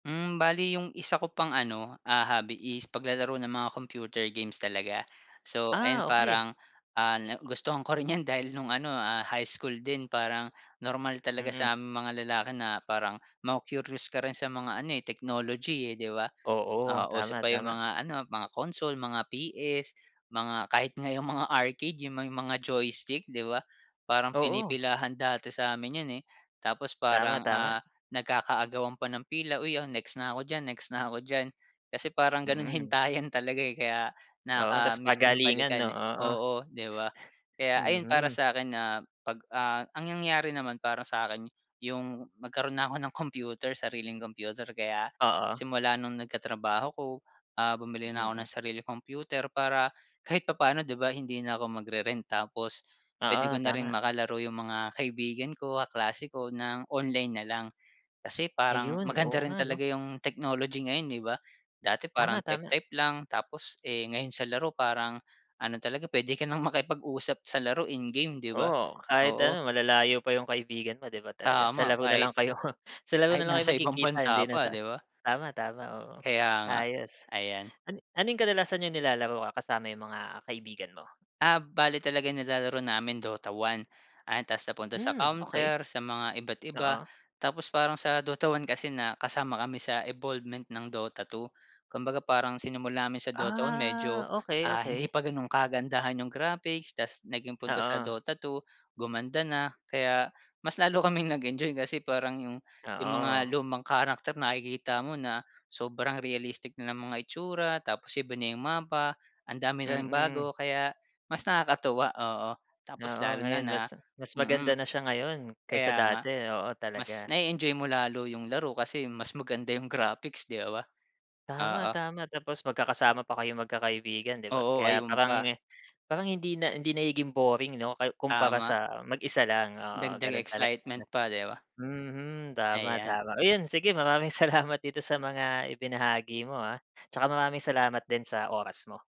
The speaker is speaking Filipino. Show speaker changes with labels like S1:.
S1: Mm. Bale 'yong isa ko pang, ano, ah, hobby is paglalaro ng mga computer games talaga. So ayan,
S2: Ah, okey.
S1: parang, ah, nagustuhan ko rin 'yan dahil no'ng, ano, ah, high school din. Parang normal talaga
S2: Mm.
S1: sa aming mga lalaki na parang maku-curious ka rin sa mga ano, eh, technology, eh, 'di ba?
S2: Oo.
S1: Ah, uso
S2: Tama,
S1: pa 'yong
S2: tama.
S1: mga, ano, mga console, mga PS, mga kahit nga 'yong mga arcade, 'yong may mga joystick, 'di ba? Parang
S2: Oo.
S1: pinipilahan dati sa 'min 'yon, eh. Tapos
S2: Tama,
S1: parang,
S2: tama.
S1: ah, nagkaka-agawan pa ng pila, "Uy, oh, next na ako diyan, next na ako diyan." Kasi parang gano'n,
S2: Mm.
S1: hintayan talaga, eh, kaya
S2: Oo, 'tas
S1: nakakamiss din
S2: pagalingan, 'no?
S1: balikan, eh.
S2: Oo.
S1: Oo, 'di ba? Kaya ayun, para
S2: Mhm.
S1: sa 'kin na 'pag ah, ang nangyari naman para sa 'kin 'yong magkaro'n na'ko ng kompyuter, sariling kompyuter kaya
S2: Oo.
S1: simula no'ng nagkatrabaho 'ko, ah, bumili na 'ko
S2: Mm.
S1: ng sariling kompyuter. Para kahit papa'no, 'di ba, hindi na 'ko magre-rent. Tapos puwede
S2: Oo,
S1: ko na
S2: tama.
S1: ring makalaro 'yong mga kaibigan ko, kaklase ko ng online nalang. Kasi parang
S2: Ayun. Oo
S1: maganda rin
S2: nga, 'no.
S1: talaga 'yong technology ngayon, 'di ba? Dati parang
S2: Tama, tama.
S1: type-type lang, tapos eh, ngayon sa laro parang ano talaga puwede ka nang makipag-usap sa laro in-game, 'di ba?
S2: Oo, kahit,
S1: Oo.
S2: ano, malalayo pa 'yong kaibigan mo, 'di ba? Talagang sa
S1: Tama.
S2: laro na lang
S1: Kahit
S2: kayo sa laro
S1: kahit
S2: nalang kayo
S1: nasa ibang
S2: magkikita hindi
S1: bansa
S2: na
S1: pa,
S2: sa
S1: 'di ba?
S2: tama, tama. Oo,
S1: Kaya nga.
S2: ayos,
S1: Ayan.
S2: an ano 'yong kadalasan 'yong nilalaro ka kasama 'yong mga kaibigan mo?
S1: Ah, bale talaga nilalaro namin Dota 1. Ah, 'tas napunta sa
S2: Mm, okey.
S1: Counter, sa mga iba't iba.
S2: Oo.
S1: Tapos parang sa Dota 1 kasi na kasama kami sa evolvement ng Dota 2. Kumbaga parang sinimul amin sa Dota 1
S2: Ah,
S1: medyo,
S2: okey,
S1: ah, hindi
S2: okey.
S1: pa gano'n kagandahan 'yong graphics, 'tas naging punta sa
S2: Oo.
S1: Dota 2 gumanda na. Kaya mas lalo kaming nag enjoy kasi parang 'yong 'yong mga
S2: Oo.
S1: lumang character nakikita mo na sobrang realistic na ng mga itsura, tapos iba na 'yong mapa. Ang dami na ring
S2: Mm.
S1: bago. Kaya mas nakakatuwa, oo. Tapos
S2: Oo,
S1: lalo na
S2: ngayon
S1: na
S2: mas mas maganda
S1: mm.
S2: na siya ngayon kaysa
S1: Kaya nga.
S2: dati. Oo,
S1: Mas
S2: talaga.
S1: na-e-enjoy mo lalo 'yong laro kasi mas maganda 'yong graphics, 'di ba?
S2: Tama,
S1: Oo.
S2: tama. Tapos magkakasama pa kayong magkakaibigan, 'di ba?
S1: Oo,
S2: Kaya
S1: ayun
S2: parang
S1: pa.
S2: parang hindi na hindi nagiging boring, 'no? Kay kumpara
S1: Tama.
S2: sa mag-isa lang. Oo,
S1: Dagdag
S2: gano'n talaga, 'no.
S1: excitement pa, 'di ba?
S2: Mhm, tama,
S1: Ayan.
S2: tama. Ayan, sige, maraming salamat dito sa mga ibinahagi mo, ah. 'Tsaka maraming salamat din sa oras mo.